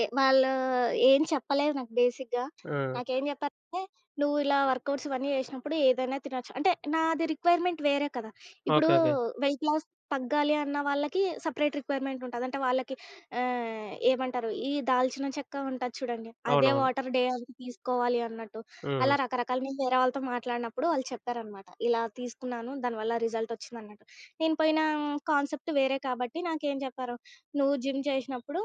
ఏ వాళ్ళు ఏం చెప్పలేదు నాకు బేసిక్‌గా. ఆ! నాకేం జెప్పారంటే, "నువ్వు ఇలా వర్కౌట్స్ ఇవన్నీ జేశినప్పుడు ఏదైనా తినొచ్చు," అంటే నాది రిక్వైర్మెంట్ వేరే కదా! ఇప్పుడు ఓకేకే. వెయిట్ లాస్ తగ్గాలి అన్న వాళ్ళకి సెపరేట్ రిక్వైర్మెంట్ ఉంటది. అంటే వాళ్ళకి ఆహ్, ఏమంటారు ఈ దాల్చిన చెక్క ఉంటది చూడండి. అదే అవునవును. వాటర్ డే తీసుకోవాలి అన్నట్టు, అలా హుహు. రకరకాల వేరే వాళ్ళతో మాట్లాడినపుడు వాళ్ళు చెప్పారనమాట. ఇలా తీసుకున్నాను దానివల్ల రిజల్ట్ ఒచ్చిందన్నట్టు. నేను పోయిన కాన్సెప్ట్ వేరే కాబట్టి నాకేం చెప్పారు, "నువ్వు జిమ్ జేశినప్పుడు.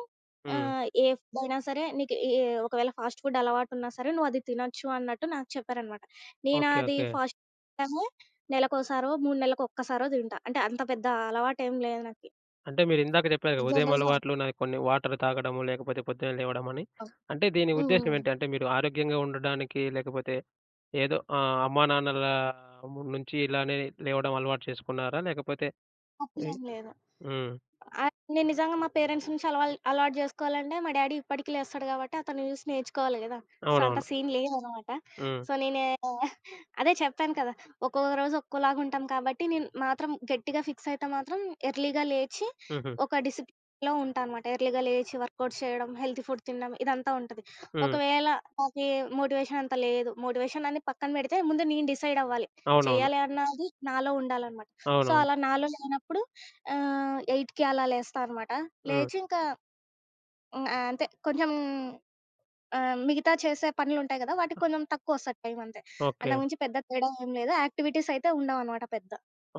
హ్మ్. ఆహ్, ఏ ఫుడ్ అయినా సరే నీకు ఏ ఒకవేళ ఫాస్ట్ ఫుడ్ అలవాటున్నా సరే నువ్వది తినొచ్చు అన్నట్టు" నాకు చెప్పారనమాట. నేను ఓకే. అది ఓకే. ఫాస్ట్ టము నెలకోసారో, 3 నెలలకొక్కసారో దింటా. అంటే అంత పెద్ద అలవాటేం లేదు నాకి. అంటే మీరు ఇందాక జెప్పారుగా, ఉదయం జనరల్‌గా అలవాట్లు నాయి కొన్ని వాటర్ తాగడము, లేకపోతే పొద్దున్నే లేవడమని, ఓహ్! అంటే దీని హ్మ్. ఉద్దేశ్యం హ్మ్. ఏంటి? అంటే మీరు ఆరోగ్యంగా ఉండడానికి లేకపోతే ఏదో ఆహ్, అమ్మానాన్నల నుంచి ఇలానే లేవడం అలవాటు చేసుకున్నారా? లేకపోతే ఎయ్ తప్పులేం లేదు. హ్మ్. ఆ! నేను నిజంగా మా పేరెంట్స్ నుంచి అల అలవాటు జేసుకోవాలంటే మా డ్యాడీ ఇప్పటికి లేస్తాడు గాబట్టి అతన్ని చూసి నేర్చుకోవాలి గదా! సో అంత అవునవును. సీన్ లేదన్నమాట. హ్మ్. సో నేనే అదే చెప్పాను కదా! ఒక్కొక్క రోజు ఒక్కోలాగా ఉంటాం కాబట్టి నేను మాత్రం గట్టిగా ఫిక్స్ అయితే మాత్రం ఎర్లీ‌గా లేచి హుహు. ఒక డిసిప్లేన్‌లో ఉంటానమాట. ఎర్లీగా లేచి వర్కౌట్స్ చేయడం హెల్దీ ఫుడ్ తినడం ఇదంతా ఉంటది. హ్మ్. ఒకవేళ నాకీ మోటివేషన్ అంత లేదు. మోటివేషన్ అనేది పక్కన పెడితే, ముందు నేను డిసైడ్ అవ్వాలి. అవునవును. చేయాలి అన్నది నాలో ఉండాలన్నమాట. సో అవునవును. అలా నాలో లేనప్పుడు ఆహ్, 8:00కి అలా లేస్తా అనమాట హ్మ్. లేచి ఇంక హ్మ్. ఆహ్, అంతే. కొంచెం ఆహ్, మిగతా చేసే పనులుంటాయి గదా! ఆ! వాటికి కొంచెం తక్కువొస్తాది టైమ్ అంతే. ఓకే. అంతకు మించి పెద్ద తేడా ఏం లేదు యాక్టివిటీస్ అయితే ఉండవనమాట పెద్ద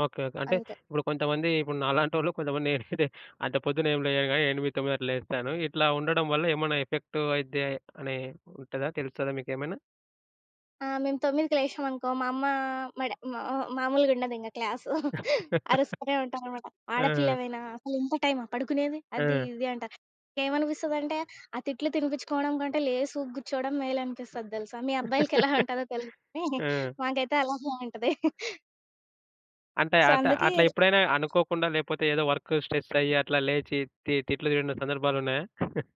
ఓకే, ఓకే. అంటే అంతే. ఇప్పుడు కొంతమంది ఇప్పుడు నాలాంటోళ్ళు కొంతమంది, నేనైతె అంత పొద్దున్న ఏం లేయను గాని 8:00, 9:00 గంటలకు లేస్తాను. ఇట్లా ఉండడం వల్ల ఏమనా ఎఫెక్ట్ అయిద్ది అని ఉంటదా? తెలుస్తదా మీకేమైనా? ఆ! మేము 9:00కి లేశినమనుకో, మా అమ్మ మా డ మ మ మామూలుగా ఉండదింగ క్లాసు. అరుస్తనే ఉంటారనమాట. ఆ! ఆడపిల్లవైనా అసలు ఇంత టైమా పడుకునేది? అది ఆ! ఇది అంటారు. ఏమనిపిస్తుందంటే ఆ తిట్లు తినిపించుకోవడం కంటే లేసి గూర్చోవడం మేలనిపిస్తది దెలుసా. మీ అబ్బాయిలకి ఎలా ఉంటుందో తెలీదు గాని ఆ! మాకైతే అలాగే ఉంటది. అంటే సో అట్ట అందుకే అట్లా ఎప్పుడైనా అనుకోకుండా, లేపోతే ఏదో వర్కు స్ట్రెసు అయ్యి అట్లా లేచి తి తిట్లు తిన్న సందర్భాలున్నాయా?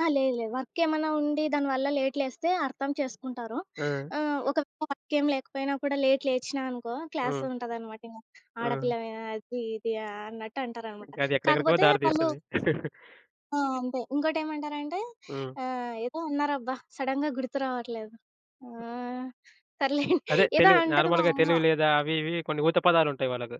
ఆ! లేదు లేదు. వర్క్ ఏమన్నా ఉండి దాని వల్ల లేట్ లేస్తే అర్థం చేసుకుంటారు. ఆ! ఆహ్, ఒకవేళ వర్క్ ఏం లేకపోయినా కూడా లేట్ లేచినా అనుకో, క్లాస్ హ్మ్. ఉంటదనమాట ఇంగ. హ్మ్. ఆడపిల్లవేనా? అది ఇది అన్నట్టు అంటారన్నమాట. ఇంక అది ఎక్కడెక్కడికో కాకపోతే దారి వాళ్ళు తీస్తది. ఆ! అంతే ఇంకోటేమంటారంటే హ్మ్. ఆహ్, ఏదో అన్నారబ్బా! సడన్‌గా గుర్తు రావట్లేదు. ఆ! హ్మ్. సర్లే. అదే ఏదో తెలివి అంటది మా నార్మల్‌గా అమ్మ. తెలివి లేదా? అవి ఇవి కొన్ని ఊత పదాలుంటాయి వాళ్ళకు.